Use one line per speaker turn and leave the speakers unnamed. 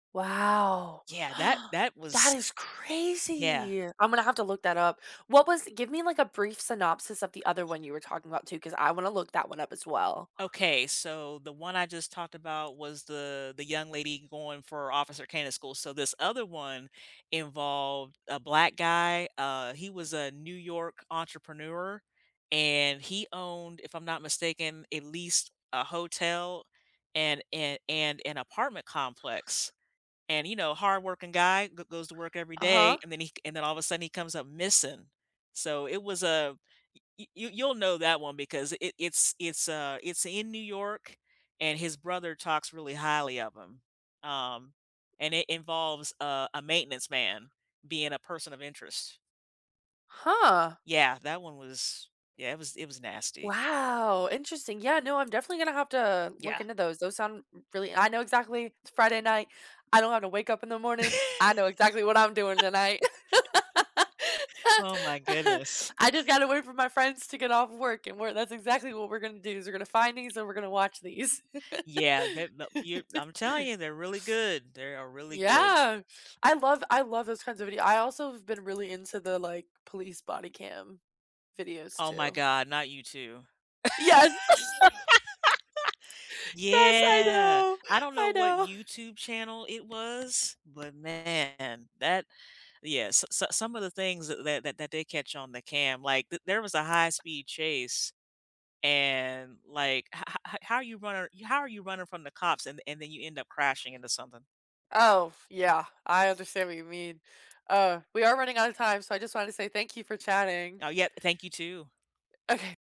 Wow,
Yeah, that that
that
was
is
yeah.
crazy! I'm gonna have to look that up. What was give me, like, a brief synopsis of the other one you were talking about, too, cause I wanna look that one up as well.
Okay, so the one I just talked about was the the young lady going for Officer Candidate school. So this other one involved a black guy, uh, he was a New York entrepreneur and he owned, if I'm not mistaken, at least a hotel and and and an apartment complex. And, you know, hardworking guy go goes to work every day
Uh-huh.
and then he and then all of a sudden he comes up missing. So it was a you you you'll know that one because it, it's it's, uh, it's in New York and his brother talks really highly of him, um, and it involves, uh, a maintenance man being a person of interest.
Huh.
Yeah, that one was yeah, it was it was nasty.
Wow, interesting. Yeah, no, I'm definitely gonna have to look
Yeah.
into those. Those sound n really I know exactly, it's Friday night. I don't have to wake up in the morning. I know exactly what I'm doing tonight.
Oh, my goodness.
I just gotta wait for my friends to get off work and we're that's exactly what we're gonna do, is we're gonna find these, and we're gonna watch these.
Yeah, the that you I'm telling you, they're really good. They are really good.
Yeah, I love I love those kinds of videos. I also have been really into the, like, police body cam videos,
Oh, my
too.
God, not you, too.
Yes. Yes, I
Yeah,
know,
I don't know
I
what
know.
YouTube channel it was, but man, that yeah, so so some of the things that that that that they catch on the cam, like, the there was a high-speed chase and, like, "Ho ho how are you runnir how are you running from the cops and and then you end up crashing into something?"
Oh, f yeah, I understand what you mean. Uh, we are running outta time, so I just wanted to say thank you for chatting.
Oh, yeah, eh, thank you, too.
Okay.